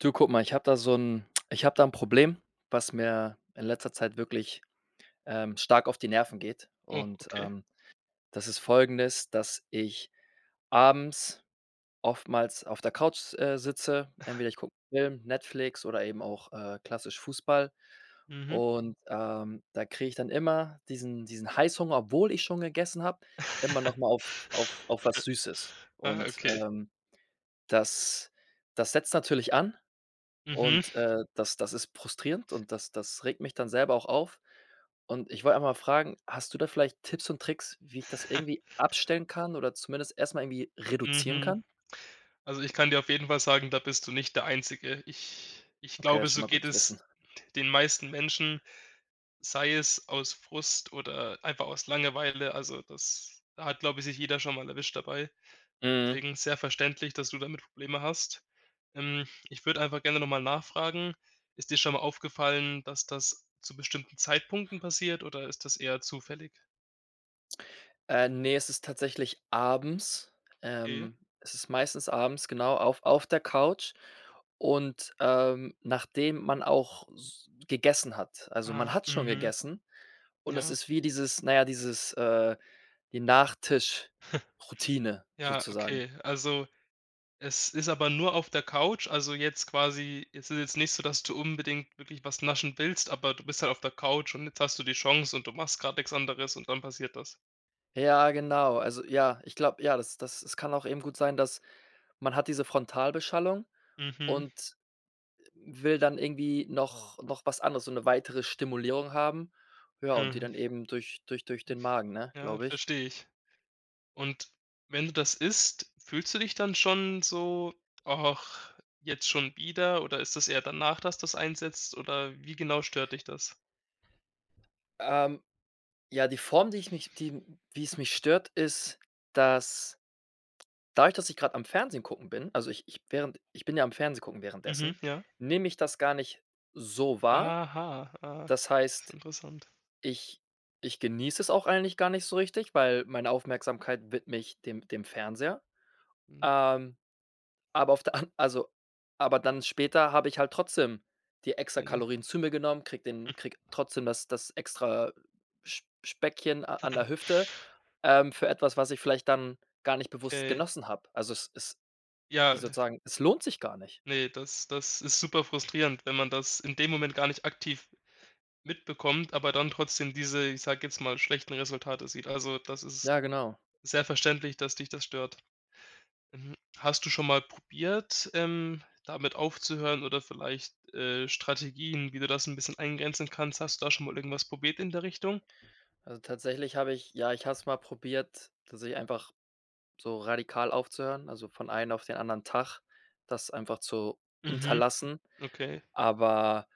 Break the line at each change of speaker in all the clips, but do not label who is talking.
Du, guck mal, ich habe da so 'n ich habe da 'n Problem, was mir in letzter Zeit wirklich, ähm, stark auf die Nerven geht
Oh,
und,
okay.
ähm, das ist folgendes: Dass ich abends oftmals auf der Couch, äh, sitze. Entweder ich gucke 'n Film, Netflix oder eben auch, äh, klassisch Fußball
Mhm.
und, ähm, da kriege ich dann immer diesen diesen Heißhunger, obwohl ich schon gegessen habe, immer noch mal auf auf auf was Süßes
Ah,
und,
okay.
ähm, das das setzt natürlich an
Mhm.
und, äh, das das ist frustrierend und das das regt mich dann selber auch auf und ich wollte einfach mal fragen: Hast du da vielleicht Tipps und Tricks, wie ich das irgendwie abstellen kann oder zumindest erst mal irgendwie reduzieren
Mhm.
kann?
Also, ich kann dir auf jeden Fall sagen, da bist du nicht der Einzige. Ich ich
Okay,
glaube,
ist schon
so
mal gut
geht
zu wissen.
es den meisten Menschen, sei es aus Frust oder einfach aus Langeweile. Also das da hat, glaube ich, sich jeder schon mal erwischt dabei.
Mhm.
Deswegen sehr verständlich, dass du damit Probleme hast. Ähm, ich würde einfach gerne noch mal nachfragen, ist dir schon mal aufgefallen, dass das zu bestimmten Zeitpunkten passiert oder ist das eher zufällig?
Äh, ne, es ist tatsächlich abends.
Okay.
Ähm, es ist meistens abends, genau auf auf der Couch und, ähm, nachdem man auch s gegessen hat. Also,
Aha,
man hat schon
mhm.
gegessen und es
Ja.
ist wie dieses na ja, dieses, äh, die Nachtisch-Routine
Ja,
sozusagen.
okay. Also, es ist aber nur auf der Couch? Also, jetzt quasi, es ist jetzt nicht so, dass du unbedingt wirklich was naschen willst, aber du bist halt auf der Couch und jetzt hast du die Chance und du machst grad nix anderes und dann passiert das?
Ja, genau. Also, ja, ich glaube, ja, das das es kann auch eben gut sein, dass man hat diese Frontalbeschallung
Mhm.
und, äh, will dann irgendwie noch noch was anderes, so 'ne weitere Stimulierung haben. Ja, und die
Mhm.
dann eben durch durch durch den Magen, ne,
Ja,
glaube ich.
verstehe ich. Und wenn du das isst, fühlst du dich dann schon so: „Och, jetzt schon wieder?“ Oder ist das eher danach, dass das einsetzt? Oder wie genau stört dich das?
Ähm, ja, die Form, die ich mich die wie's mich stört, ist, dass, dadurch, dass ich grade am Fernsehen gucken bin, also, ich ich während ich bin ja am Fernsehen gucken
Mhm,
währenddessen,
ja.
nehme ich das gar nicht so wahr.
Aha, ah.
Das
Ist
heißt,
interessant.
ich ich genieße es auch eigentlich gar nicht so richtig, weil meine Aufmerksamkeit widme ich dem dem Fernseher.
Hm.
Ähm, aber auf der an also, aber dann später habe ich halt trotzdem die extra
Okay.
Kalorien zu mir genommen, kriege den kriege trotzdem das, das extra Sp Speckchen a an der Hüfte, ähm, für etwas, was ich vielleicht dann gar nicht bewusst
Okay.
genossen habe. Also, es ist, wie
Ja.
sozusagen, es lohnt sich gar nicht.
Ne, das das ist super frustrierend, wenn man das in dem Moment gar nicht aktiv mitbekommt, aber dann trotzdem diese, ich sage jetzt mal, schlechten Resultate sieht. Also, das ist
Ja, genau.
sehr verständlich, dass dich das stört. Mhm. Hast du schon mal probiert, ähm, damit aufzuhören oder vielleicht, äh, Strategien, wie du das 'n bisschen eingrenzen kannst, hast du da schon mal irgendwas probiert in der Richtung?
Also, tatsächlich habe ich ja, ich habe es mal probiert, tatsächlich einfach so radikal aufzuhören, also, von einen auf den anderen Tag das einfach zu
Mhm.
unterlassen.
Okay.
Aber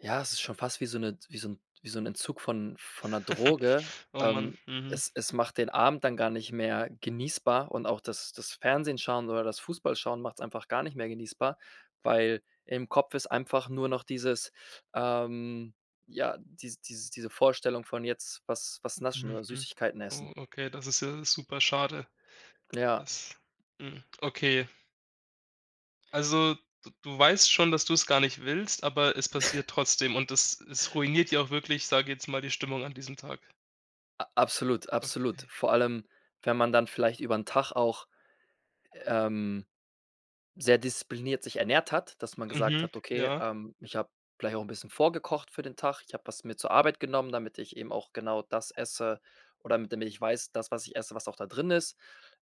ja, es ist schon fast wie so 'ne wie so 'n wie so 'n Entzug von von 'ner Droge.
O Mann,
Ähm,
mhm.
es es macht den Abend dann gar nicht mehr genießbar und auch das das Fernsehen schauen oder das Fußballschauen macht's einfach gar nicht mehr genießbar, weil im Kopf ist einfach nur noch dieses ähm, ja, dies dies diese Vorstellung von jetzt was was naschen oder
Mhm.
Süßigkeiten essen.
Oh, okay, das ist ja super schade.
Ja.
Das hm, okay. Also, d du weißt schon, dass du's gar nicht willst, aber es passiert trotzdem und es es ruiniert dir auch wirklich, sage jetzt mal, die Stimmung an diesem Tag.
A absolut, absolut.
Okay.
Vor allem, wenn man dann vielleicht über 'n Tag auch, ähm, sehr diszipliniert sich ernährt hat, dass man gesagt
Mhm,
hat: „Okay,
ja.
ähm, ich habe vielleicht auch 'n bisschen vorgekocht für den Tag. Ich habe was mit zur Arbeit genommen, damit ich eben auch genau das esse oder damit ich weiß, das, was ich esse, was auch da drin ist.“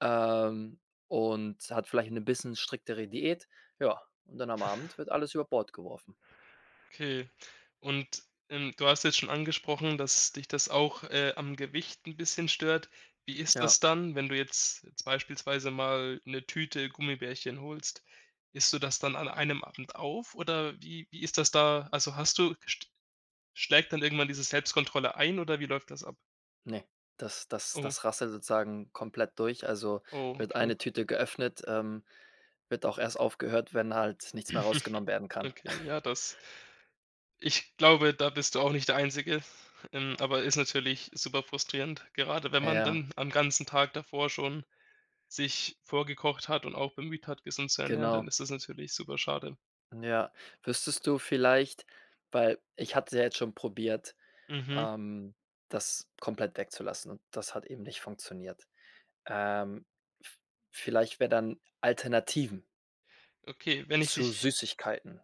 Ähm, und hat vielleicht 'ne bisschen striktere Diät. Ja, und dann am Abend wird alles über Bord geworfen.
Okay. Und, ähm, du hast jetzt schon angesprochen, dass dich das auch, äh, am Gewicht 'n bisschen stört. Wie ist
Ja.
das dann, wenn du jetzt jetzt beispielsweise mal 'ne Tüte Gummibärchen holst? Isst du das dann an einem Abend auf oder wie wie ist das da? Also, hast du gest schlägt dann irgendwann diese Selbstkontrolle ein oder wie läuft das ab?
Ne, das das
Oh.
das rasselt sozusagen komplett durch. Also
Oh,
wird
okay.
eine Tüte geöffnet, ähm, wird auch erst aufgehört, wenn halt nichts mehr rausgenommen werden kann.
Okay, ja, das Ich glaube, da bist du auch nicht der Einzige, ähm, aber ist natürlich super frustrierend, gerade wenn man
Ja.
dann am ganzen Tag davor schon sich vorgekocht hat und auch bemüht hat, gesund zu ernähren, dann
Genau.
ist das natürlich super schade.
Ja. Wüsstest du vielleicht weil ich hatte ja jetzt schon probiert,
Mhm.
ähm, das komplett wegzulassen und das hat eben nicht funktioniert. Ähm, f vielleicht wäre dann Alternativen
Okay, wenn ich
zu
dich
Süßigkeiten.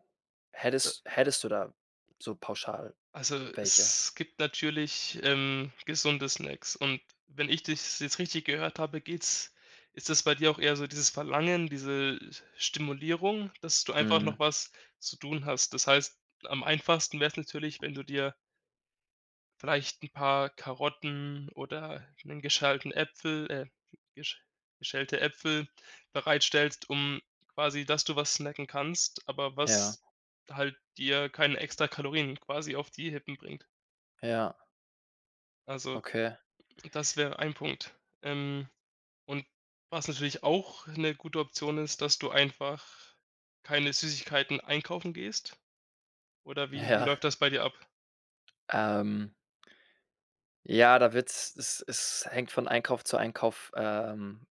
Äh
Hättest hättest du da so pauschal
Also,
welche?
es gibt natürlich, ähm, gesunde Snacks und wenn ich dich's jetzt richtig gehört habe, geht's ist das bei dir auch eher so dieses Verlangen, diese, s äh, Stimulierung, dass du einfach
Mhm.
noch was zu tun hast. Das heißt, am einfachsten wäre es natürlich, wenn du dir vielleicht 'n paar Karotten oder 'nen geschälten Äpfel äh, hm, gesch geschälte Äpfel bereitstellst, um quasi dass du was snacken kannst, aber
Ja.
was halt, dir keine extra Kalorien quasi auf die Rippen bringt.
Ja.
Also,
Okay.
das wäre ein Punkt. Ähm, und was natürlich auch 'ne gute Option ist, dass du einfach keine Süßigkeiten einkaufen gehst. Oder wie wie
Ja.
läuft das bei dir ab?
Ähm ja, da wird's es es hängt von Einkauf zu Einkauf, ähm,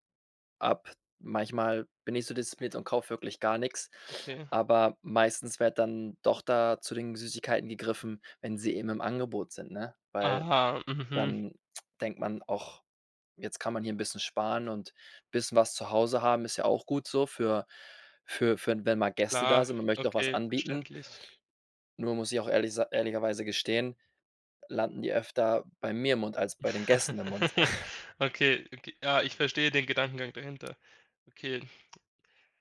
ab. Manchmal bin ich so diszipliniert und kaufe wirklich gar nichts,
Okay.
aber meistens wird dann doch da zu den Süßigkeiten gegriffen, wenn sie eben im Angebot sind, ne? Weil
Aha, mhm.
dann denkt man auch, jetzt kann man hier 'n bisschen sparen und bisschen was zu Hause haben, ist ja auch gut so für für für wenn mal Gäste da
Klar,
sind. Man möchte auch was
okay,
anbieten.
verständlich.
Nur muss ich auch ehrlich sa ehrlicherweise gestehen, landen die öfter bei mir im Mund als bei den Gästen im Mund.
Okay, okay ah, ich verstehe den Gedankengang dahinter. Okay.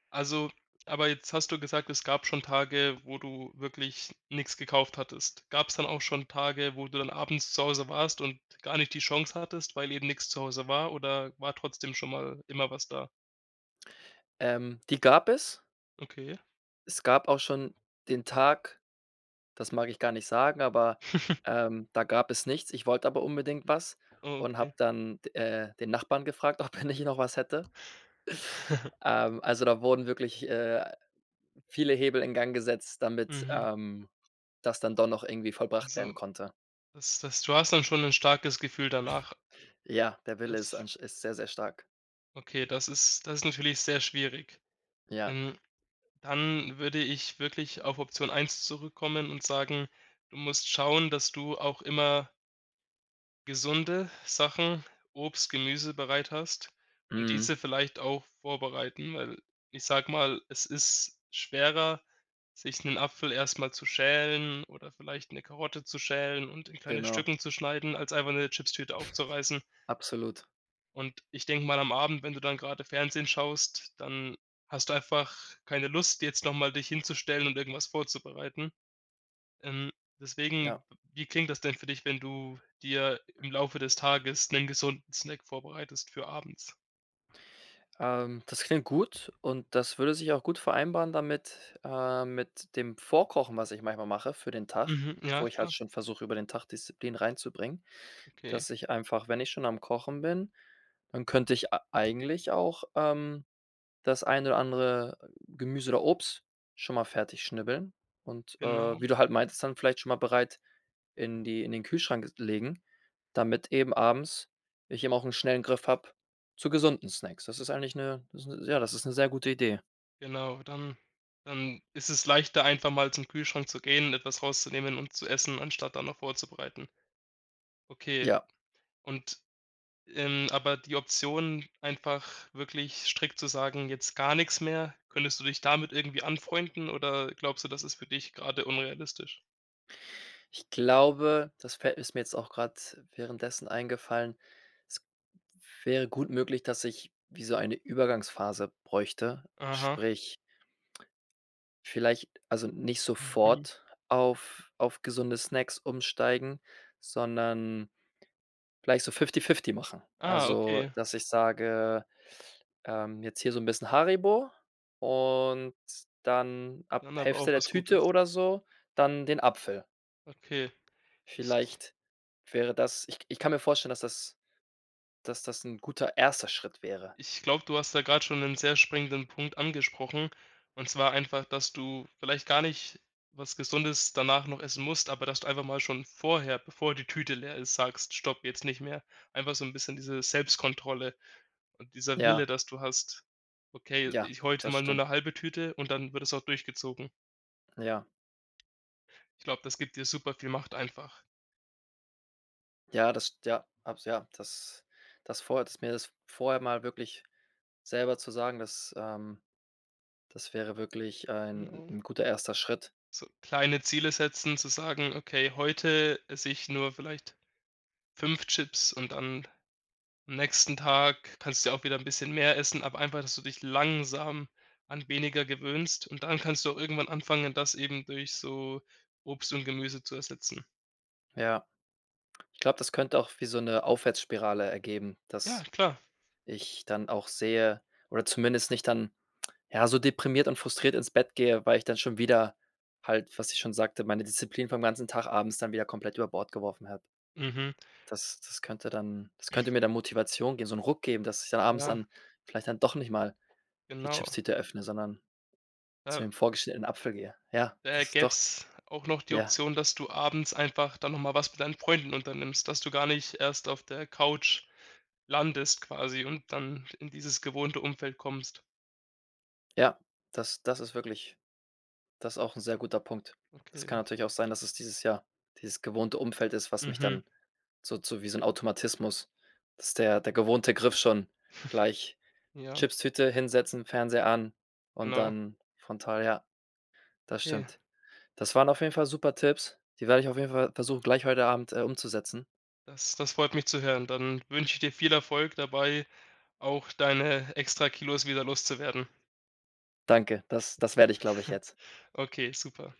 Also, aber jetzt hast du gesagt, es gab schon Tage, wo du wirklich nix gekauft hattest. Gab's dann auch schon Tage, wo du dann abends zu Hause warst und gar nicht die Chance hattest, weil eben nix zu Hause war? Oder war trotzdem schon mal immer was da?
Ähm, die gab es.
Okay.
Es gab auch schon den Tag, das mag ich gar nicht sagen, aber, ähm, da gab es nichts. Ich wollte aber unbedingt was
Oh,
und habe
okay.
dann d äh, den Nachbarn gefragt, ob er nicht noch was hätte. Ähm, also, da wurden wirklich, äh, viele Hebel in Gang gesetzt, damit,
Mhm.
ähm, das dann doch noch irgendwie vollbracht werden
Also,
konnte.
das, das du hast dann schon 'n starkes Gefühl danach.
Ja, der Wille ist
Das
ansch ist sehr, sehr stark.
Okay, das ist das ist natürlich sehr schwierig.
Ja.
Ähm, dann würde ich wirklich auf Option 1 zurückkommen und sagen: „Du musst schauen, dass du auch immer“ gesunde Sachen, Obst, Gemüse bereit hast und
Mhm.
diese vielleicht auch vorbereiten, weil, ich sage mal, es ist schwerer, sich 'nen Apfel erst mal zu schälen oder vielleicht 'ne Karotte zu schälen und in kleine
Genau.
Stücken zu schneiden, als einfach 'ne Chipstüte aufzureißen.
Absolut.
Und ich denke mal am Abend, wenn du dann grade Fernsehen schaust, dann hast du einfach keine Lust, jetzt noch mal dich hinzustellen und irgendwas vorzubereiten. Ähm,
Ja.
deswegen, w wie klingt das denn für dich, wenn du dir im Laufe des Tages 'nen gesunden Snack vorbereitest für abends?
Ähm, das klingt gut und das würde sich auch gut vereinbaren damit äh, mit dem Vorkochen, was ich manchmal mache für den Tag,
Mhm, ja
wo ich halt
klar.
schon versuche, über den Tag Disziplin reinzubringen,
Okay.
dass ich einfach, wenn ich schon am Kochen bin, dann könnte ich a eigentlich auch, ähm, das eine oder andere Gemüse oder Obst schon mal fertig schnibbeln und, äh,
Genau.
wie du halt meintest, dann vielleicht schon mal bereit in die in den Kühlschrank legen, damit eben abends ich eben auch 'n schnellen Griff habe zu gesunden Snacks. Das ist eigentlich 'ne das 'ne ja, das ist 'ne sehr gute Idee.
Genau, dann dann ist es leichter, einfach mal zum Kühlschrank zu gehen, etwas rauszunehmen und zu essen, anstatt dann noch vorzubereiten. Okay.
Ja.
Und, ähm, aber die Option, einfach wirklich strikt zu sagen: „Jetzt gar nichts mehr.“ Könntest du dich damit irgendwie anfreunden oder glaubst du, das ist für dich grade unrealistisch?
Ich glaube, das fällt ist mir jetzt auch grade währenddessen eingefallen, es wäre gut möglich, dass ich wie so eine Übergangsphase bräuchte.
Aha.
Sprich, vielleich also, nicht
Mhm.
sofort auf auf gesunde Snacks umsteigen, sondern vielleicht so fifty-fifty machen.
Ah,
Also,
okay.
dass ich sage, ähm, jetzt hier so 'n bisschen Haribo und dann ab
Dann aber auch
Hälfte der
was
Tüte
Gutes.
oder so dann den Apfel.
Okay, ich
Vielleicht wäre das ich k ich kann mir vorstellen, dass das dass das 'n guter 1. Schritt wäre.
Ich glaube, du hast da grade schon 'nen sehr springenden Punkt angesprochen, und zwar einfach, dass du vielleicht gar nicht was Gesundes danach noch essen musst, aber dass du einfach mal schon vorher, bevor die Tüte leer ist, sagst: „Stopp, jetzt nicht mehr.“ Einfach so 'n bisschen diese Selbstkontrolle und dieser Wille,
Ja.
dass du hast: „Okay,
Ja,
ich heute
das
mal nur 'ne
stimmt.
halbe Tüte“, und dann wird das auch durchgezogen.
Ja.
Ich glaube, das gibt dir super viel Macht einfach.
Ja, das st ja, abs ja, das das vorher das mir das vorher mal wirklich selber zu sagen, das ähm, das wäre wirklich ein
Genau.
'n guter 1. Schritt.
So kleine Ziele setzen, zu sagen: „Okay, heute esse ich nur vielleicht 5 Chips,“ und dann am nächsten Tag kannst du ja auch wieder 'n bisschen mehr essen, aber einfach, dass du dich langsam an weniger gewöhnst, und dann kannst du auch irgendwann anfangen, das eben durch so Obst und Gemüse zu ersetzen.
Ja. Ich glaube, das könnte auch wie so 'ne Aufwärtsspirale ergeben,
Ja,
dass
klar.
ich dann auch sehe oder zumindest nicht dann, ja, so deprimiert und frustriert ins Bett gehe, weil ich dann schon wieder halt- was ich schon sagte- meine Disziplin vom ganzen Tag abends dann wieder komplett über Bord geworfen habe.
Mhm.
Das das könnte dann das könnte mir dann Motivation geben, so 'n Ruck geben, dass ich dann abends
Ja.
dann vielleicht dann doch nicht mal die
Genau.
Chipstüte öffne, sondern zu
Äh.
dem vorgeschnittenen Apfel gehe. Ja,
Da
das doch
gäb's auch noch die
ja.
Option, dass du abends einfach dann noch mal was mit deinen Freunden unternimmst, dass du gar nicht erst auf der Couch landest quasi und dann in dieses gewohnte Umfeld kommst.
Ja, das das ist wirklich das auch 'n sehr guter Punkt. Das kann
Okay.
natürlich auch sein, dass es dieses, ja dieses gewohnte Umfeld ist, was mich
Mhm.
dann so zu wie so 'n Automatismus, dass der der gewohnte Griff schon gleich
Ja.
Chipstüte, hinsetzen, Fernseher an und
Genau.
dann frontal ja. Das
Ja.
stimmt. Das waren auf jeden Fall super Tipps. Die werde ich auf jeden Fall versuchen, gleich heute Abend, äh, umzusetzen.
Das das freut mich zu hören, dann wünsche ich dir viel Erfolg dabei, auch deine Extra-Kilos wieder loszuwerden.
Danke. Das das werde ich, glaube ich, jetzt.
Okay, super.